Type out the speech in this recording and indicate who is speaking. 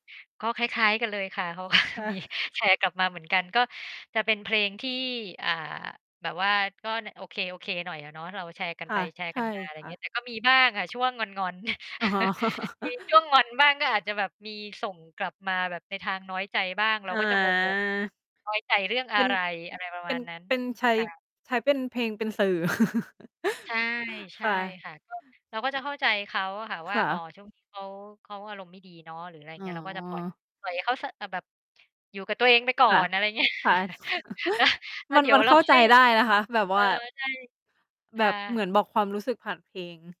Speaker 1: ก็คล้าย ๆ กันเลยค่ะ เพราะว่า
Speaker 2: ค่
Speaker 1: มี
Speaker 2: ะ
Speaker 1: แชร์กลับมาเหมือนกัน ก็จะเป็นเพลงที่ อ่า แบบว่า ก็ใน โอเค ๆ หน่อยอะ เนาะ เราแชร์กัน
Speaker 2: ค
Speaker 1: ไ
Speaker 2: ่
Speaker 1: ป
Speaker 2: ะ
Speaker 1: แชร์
Speaker 2: ใช
Speaker 1: กั
Speaker 2: ่
Speaker 1: นมา อะไรอ
Speaker 2: ค
Speaker 1: ย่าง
Speaker 2: ่
Speaker 1: เง
Speaker 2: ะ
Speaker 1: ี้ย แต่ก็มีบ้างค่ะช่วงงอน ๆ
Speaker 2: อ๋อ
Speaker 1: มีช่วงงอนบ้าง ก็อาจจะแบบมีส่งกลับมาแบบในทางน้อยใจบ้าง เรา
Speaker 2: อ
Speaker 1: ก็จะงง ๆ ว่า
Speaker 2: า
Speaker 1: น้อยใจเรื่องอ
Speaker 2: เ
Speaker 1: ะ
Speaker 2: ป็น
Speaker 1: ไร อะไรประ
Speaker 2: เป
Speaker 1: ม
Speaker 2: ็
Speaker 1: า
Speaker 2: น
Speaker 1: ณนั้น
Speaker 2: เป็นใช้
Speaker 1: ค่ะ
Speaker 2: ใช้เป็นเพลงเป็นสื่อ
Speaker 1: ใช่ ใช
Speaker 2: ค
Speaker 1: ่
Speaker 2: ่ะ
Speaker 1: ค่ะ ก็ เราก็จะเข้าใจเขาอะค่ะว
Speaker 2: ค
Speaker 1: ่า
Speaker 2: ่
Speaker 1: อ๋อ
Speaker 2: ะ
Speaker 1: ช่วงนี้เขา เขาอารมณ์ไม่ดีเนาะ หรืออะไรอย่
Speaker 2: อ
Speaker 1: าง
Speaker 2: ๋
Speaker 1: เงี้ย เราก็จะปล่อย
Speaker 2: อ
Speaker 1: ปล่อยให้เขา ส อา แบบอยู่กับตัวเองไปก่อ
Speaker 2: ค่ะ
Speaker 1: น อะไรอย่าง เงี้ย
Speaker 2: ค่ะ
Speaker 1: แล้ว แล้
Speaker 2: ม
Speaker 1: ว
Speaker 2: ัน
Speaker 1: เดี๋ย
Speaker 2: มั
Speaker 1: ว
Speaker 2: น
Speaker 1: เร
Speaker 2: เ
Speaker 1: า
Speaker 2: ข้า
Speaker 1: ค
Speaker 2: ใจ
Speaker 1: ่อย
Speaker 2: ได้นะคะ แบบ
Speaker 1: เอ
Speaker 2: ว
Speaker 1: อ
Speaker 2: ่า
Speaker 1: ใช่ ค
Speaker 2: แบ
Speaker 1: ่ะ
Speaker 2: บเหมือนบอกความรู้สึกผ่านเพลง